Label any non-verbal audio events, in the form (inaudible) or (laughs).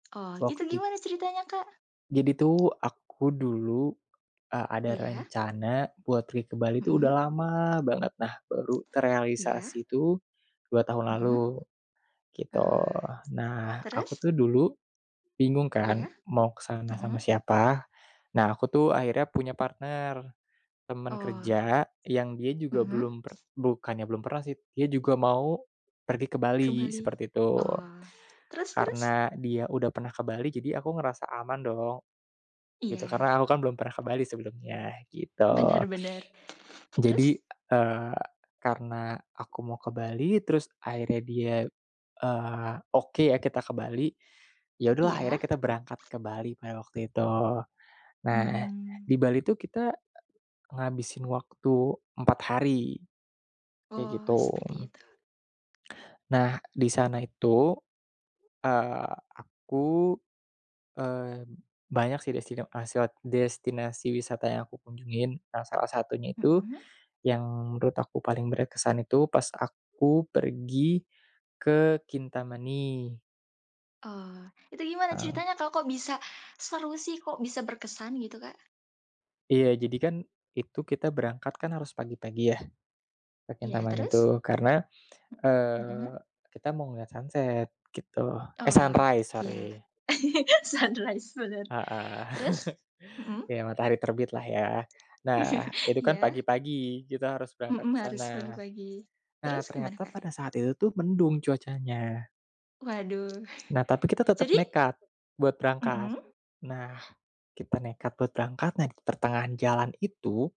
Oh, itu Waktit gimana ceritanya Kak? Jadi tuh, aku dulu, eee, ada Iya. rencana buat pergi ke Bali tuh udah Hmm. lama banget, nah, baru Iya. terealisasi tuh 2 tahun Hmm. lalu, gitu. Oh, Nah, aku terus? tuh dulu bingung kan, Iya, mau ke sana sama hmm. siapa. Nah, aku tuh akhirnya punya partner, temen Oh. kerja yang dia juga Hmm. belum per bukannya belum pernah sih, dia juga mau pergi ke Ke Bali, Bali, seperti itu. oh, terus terus? Karena dia udah pernah ke Bali, aku ngerasa aman dong, gitu, Iya. karena aku kan belum pernah ke Bali sebelumnya, gitu. Benar benar, terus? Jadi, eee, karena aku mau ke Bali, terus akhirnya dia, eee, oke ya kita ke Bali, ya udahlah Iya. akhirnya kita berangkat ke Bali pada waktu itu. Nah, Mmm. di Bali tuh kita, e ngabisin waktu 4 hari, kayak Oh, gitu. seperti itu. Nah, di sana itu, eee, aku, eee, banyak sih destino aseo destinasi wisata yang aku kunjungin. Nah salah satunya itu, Hmm. yang menurut aku paling berkesan itu pas aku pergi ke Kintamani. Oh, itu gimana Heeh. ceritanya, kok kok bisa seru sih, kok bisa berkesan gitu Kak? Iya, jadi kan, itu kita berangkat kan harus pagi-pagi ya, ke Iya, Kintamani terus? itu. Karena, H hmm. eee kita mau ngeliat sunset gitu eh Oh, sunrise iya, sorry. (laughs) sunrise bener, Heeh, terus? (laughs) Hmm. iya, matahari terbitlah ya. Nah, (laughs) itu kan Iya. pagi-pagi, kita harus berangkat Mhm, ke harus sana. pagi-pagi, Nah, terus gimana ternyata Kak? pada saat itu tuh mendung cuacanya. Waduh, Nah, tapi kita tetep jadi nekat buat berangkat. mhm. Nah, kita nekat buat berangkat, nah pertengahan jalan itu